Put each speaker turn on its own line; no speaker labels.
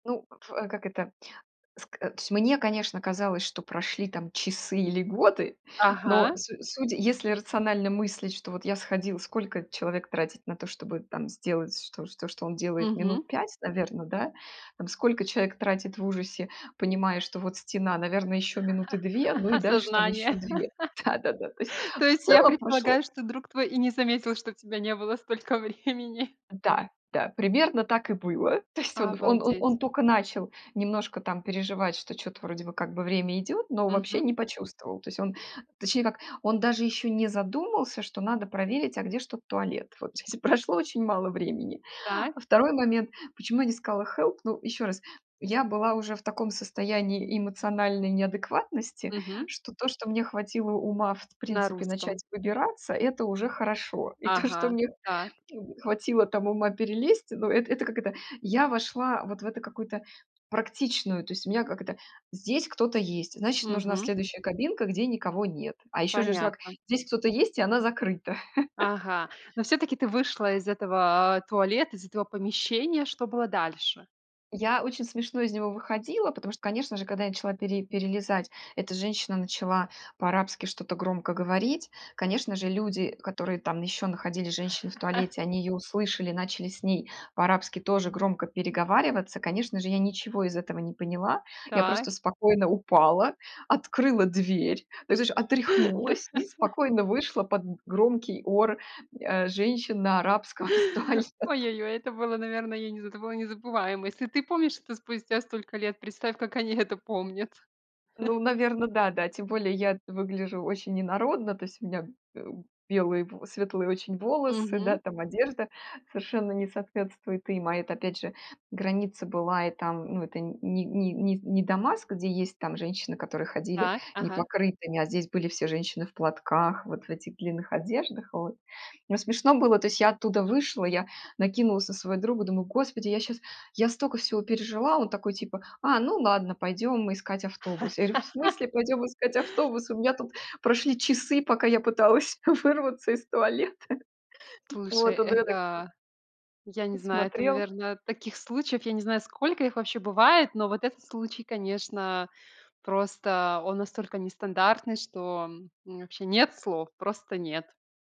Ну, пф, а как это ск а, то есть мне, конечно, казалось, что прошли там часы или годы, но
Ага.
су судя, если рационально мыслить, что вот я сходил, сколько человек тратит на то, чтобы там сделать что, то, что он делает
Мгм.
минут 5, наверно, да? Там сколько человек тратит в ужасе, понимая, что вот стена, наверное, ещё минуты 2, ну и дальше там ещё
Осознание.
2. Да-да-да. То есть
То
в
есть я
целом прошло
предполагаю, что друг твой и не заметил, что тебя не было столько времени.
Да да, примерно так и было. То есть он он он
Обалдеть.
он тока начал немножко там переживать, что чё-то вроде бы как бы время идёт, но вообще
Мгм.
не почувствовал. То есть он, точнее как, он даже ещё не задумался, что надо проверить, а где ж тут туалет. Вот здесь и прошло очень мало времени. А
Так.
2 момент, почему я не сказала help? Ну, ещё раз, я была уже в таком состоянии эмоциональной неадекватности,
Мгм.
что то, что мне хватило ума, в т
На
принципе,
русском.
начать выбираться- это уже хорошо. И то, что
Ага,
мне,
так.
м, хватило там ума перелезть, ну, эт это, как это, я вошла вот в эту какую-то практичную, то есть у меня, как это, здесь кто-то есть, значит, нужна
Мгм.
следующая кабинка, где никого нет, а ещё же ж, как,
Понятно.
здесь кто-то есть, и она закрыта.
Ага, но всё-таки ты вышла из этого, а, туалета, из этого помещения. Что было дальше?
Я очень смешно из него выходила, потому что, конечно же, когда я начала пере перелезать, эта женщина начала по-арабски что-то громко говорить. Конечно же, люди, которые там ещё находились, женщины в туалете, они её услышали, начали с ней по-арабски тоже громко переговариваться. Конечно же, я ничего из этого не поняла. Я
Да.
просто спокойно упала, открыла дверь, то есть, знаешь, отряхнулась и спокойно вышла под г громкий ор, а, женщин на арабском из туалета.
Ой-ой-ой, это было, наверно, я не знаю, это было незабываемо. Если ты помнишь это спустя столько лет, представь, как они это помнят.
Ну, наверно, да-да. Тем более я выгляжу очень инородно. То есть у меня б э, белые, в светлые очень волосы, да.
Мгм.
Там одежда совершенно не соответствует им, а это, опять же, граница была, и там, ну, это ни ни ни с не Дамаск, где есть там женщины, которые ходили
Так, ага.
непокрытыми, а здесь были все женщины в платках, вот в этих длинных одеждах, вот. Но смешно было, то есть я оттуда вышла, я накинулась на своего друга, думаю: "Господи, я щас я стока всего пережила". А он такой типа: "А, ну ладно, пойдем искать автобус". Я говорю: "В смысле пойдем искать автобус? У меня тут прошли часы, пока я пыталась вырваться из туалета".
Слушай,
Вот, он на меня так по
это я не знаю, это,
посмотрел.
наверное, таких случаев, я не знаю, сколько их вообще бывает, но вот этот случай, конечно, просто он настолько нестандартный, что, м, у меня вообще нет слов, просто нет.